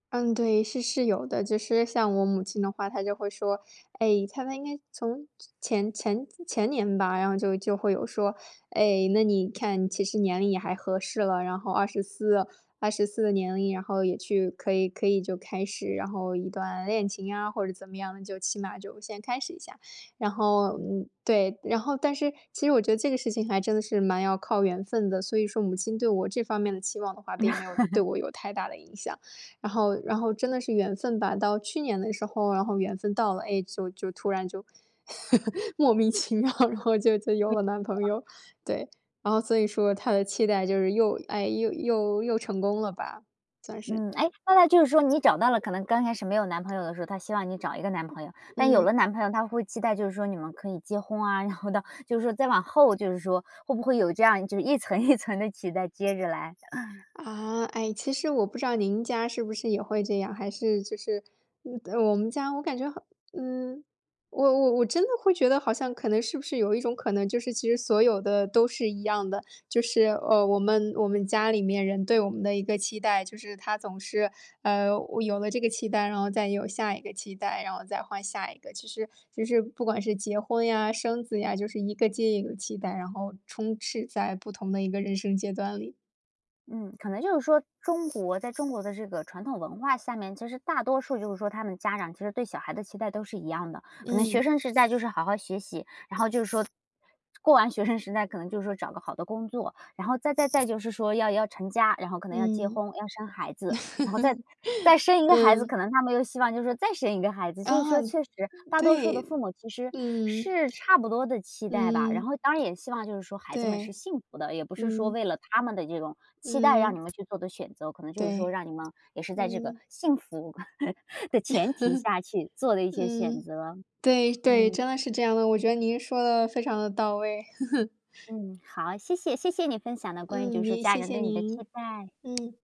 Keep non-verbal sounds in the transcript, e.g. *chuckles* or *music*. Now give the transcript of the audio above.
嗯，对，是是有的。就是像我母亲的话她就会说，哎，她们应该从前前前年吧，然后就就会有说，“哎，那你看其实年龄也还合适了，然后二十四二十四的年龄，然后也去可以可以就开始，然后一段恋情啊，或者怎么样，就起码就先开始一下。”然后，嗯，对然后但是其实我觉得这个事情还真的是蛮要靠缘分的，所以说母亲对我这方面的期望的话，并没有对 *chuckles* 我有太大的影响。然后然后真的是缘分吧，到去年的时候，然后缘分到了。哎，就就突然就 *chuckles* 莫名其妙，然后就就有了男朋友。对，然后所以说她的期待就是又哎，又又又成功了吧，算是。嗯，哎，那她就是说你找到了可能刚开始没有男朋友的时候，她希望你找一个男朋友。但有嗯。了男朋友她会期待，就是说你们可以结婚啊。然后到就是说再往后就是说，会不会有，这样就是一层一层的期待接着来？*chuckles* 啊，哎，其实我不知道您家是不是也会这样。还是就是呃，我们家我感觉好呃，我我我真的会觉得好像可能是不是有一种可能，就是其实所有的都是一样的。就是，呃，我们我们家里面人对我们的一个期待。就是他总是，呃，有了这个期待，然后再有下一个期待，然后再换下一个。其实其实不管是结婚呀，生子呀、就是一个接一个期待，然后，充斥在不同的一个人生阶段里。嗯，可能就是说中国在中国的这个传统文化下面，其实大多数就是说，他们家长其实对小孩的期待都是一样的。可能学嗯。生时代就是好好学习，然后就说，过完学生时代，可能就说找个好的工作。然后再-再再就是说要要成家，然后可能要结嗯。婚、要生孩子，然后再再生一个孩子，*chuckles* 可嗯。能他们又希望就是再生一个孩子。就是说嗯。确实大多数的对。父母，其实嗯。是差不多的期待吧，然嗯。后当然也希望就是说孩子们是对。幸福的。也不是说嗯。为了他们的这种，期待让你嗯。们去做的选择，可能就是说对，让你们，也是在这个嗯。幸福 *chuckles* 的前提下，去做 *chuckles* 的一些选嗯。择。对对，真嗯。的是这样的，我觉得您说得非常地到位。*chuckles* 嗯，好，谢谢，谢谢你分享的关于就嗯，是您家谢人谢对你的期您，待。嗯。